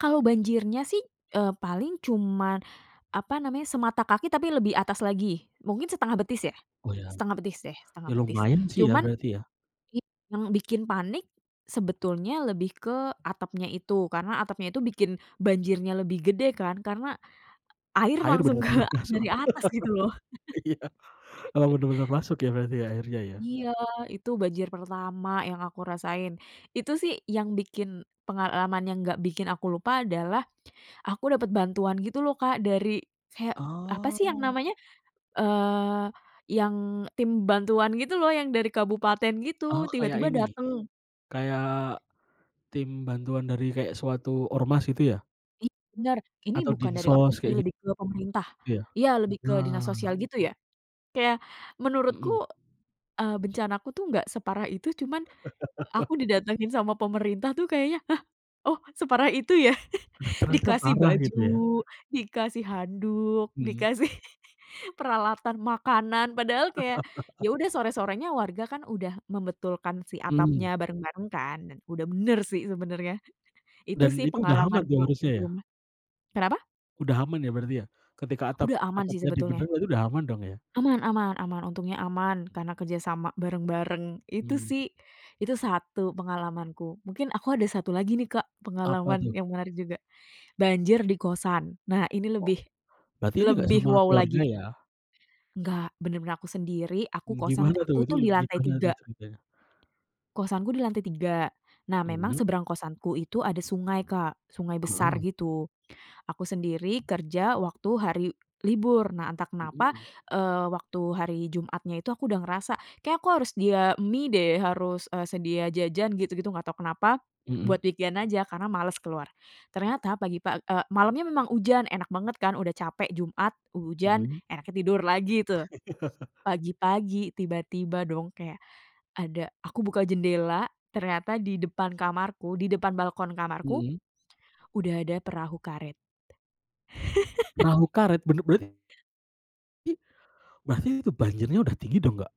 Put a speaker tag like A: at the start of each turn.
A: Kalau banjirnya sih e paling cuman apa namanya, semata kaki tapi lebih atas lagi, mungkin setengah betis ya?
B: Oh ya.
A: Setengah betis deh, setengah
B: Ya
A: betis.
B: lumayan sih ya
A: Cuman
B: berarti ya?
A: it yang bikin panik, sebetulnya lebih ke atapnya itu, karena atapnya itu bikin banjirnya lebih gede kan, karena air
B: Air
A: langsung ke
B: bener-bener masuk.
A: dari atas gitu loh.
B: Iya, bener-bener masuk ya berarti ya airnya ya?
A: Iya, itu banjir pertama yang aku rasain. Itu sih yang bikin pengalaman yang enggak bikin aku lupa adalah, aku dapet bantuan gitu loh Kak, dari kayak apa sih yang
B: Oh.
A: namanya, eee yang tim bantuan gitu loh, yang dari kabupaten
B: Oh
A: gitu,
B: kayak
A: tiba-tiba
B: ini,
A: dateng.
B: kayak tim bantuan dari kayak suatu ormas gitu ya?
A: I bener, ini
B: Atau
A: bukan dari ormas
B: Dinsos
A: sih
B: kayak git
A: lebih ke pemerintah,
B: iya,
A: iya lebih ke dinas
B: nah.
A: sosial gitu ya? Kayak menurutku
B: Mhm.
A: e bencanaku tuh nggak separah itu, cuman aku didatangin sama pemerintah tuh kayaknya, hah? Oh separah itu ya?
B: Nah ternyata
A: Dikasih
B: parah gitu
A: baju,
B: ya.
A: dikasih handuk,
B: Mhm.
A: dikasih peralatan makanan, padahal kayak, ya udah sore-sore nya warga kan udah membetulkan si atap
B: Mhm.
A: nya bareng-bareng kan, dan udah bener sih sebenernya. Itu
B: Dan
A: sih
B: itu udah aman tuh
A: pengalamanku di
B: harusnya ya?
A: rumah, kenapa?
B: Udah aman ya berarti ya? Ketika atap
A: Udah aman sih
B: atapnya di
A: sebetulnya.
B: benerin, udah aman dong ya?
A: Aman aman aman, untungnya aman karena kerjasama bareng-bareng itu
B: Hmm.
A: sih, itu satu pengalamanku. Mungkin aku ada satu lagi nih Kak
B: Apa
A: pengalaman
B: tuh?
A: yang menarik juga, banjir di kosan, nah ini
B: O
A: lebih,
B: berarti ini gak
A: lebih
B: sama
A: wow
B: keluarga
A: lagi.
B: ya?
A: Enggak, bener-bener aku sendiri, aku
B: M
A: kosan
B: gimana tuh?
A: aku
B: Itu
A: tuh di lantai
B: gimana tuh
A: tiga.
B: ceritanya?
A: Kosanku di lantai tiga, nah memang
B: Mhm.
A: seberang kosanku itu ada sungai Kak, sungai besar
B: Heeh.
A: gitu. Aku sendiri kerja waktu hari libur, nah entah kenapa,
B: Mhm.
A: eee, waktu hari Jumatnya itu aku udah ngerasa kayaknya aku harus sedia mie deh, harus e sedia jajan gitu-gitu, gak tau kenapa, buat
B: Mhm.
A: weekend aja karena males keluar. Ternyata pagi pag e malamnya memang hujan, enak banget kan udah capek, Jumat, ujan,
B: Mhm.
A: enaknya tidur lagi tuh. Pagi-pagi tiba-tiba dong kayak ada, aku buka jendela ternyata di depan kamarku, di depan balkon kamarku,
B: Mhm.
A: udah ada perahu karet.
B: Perahu karet? Bener berart i berarti itu banjirnya udah tinggi dong gak?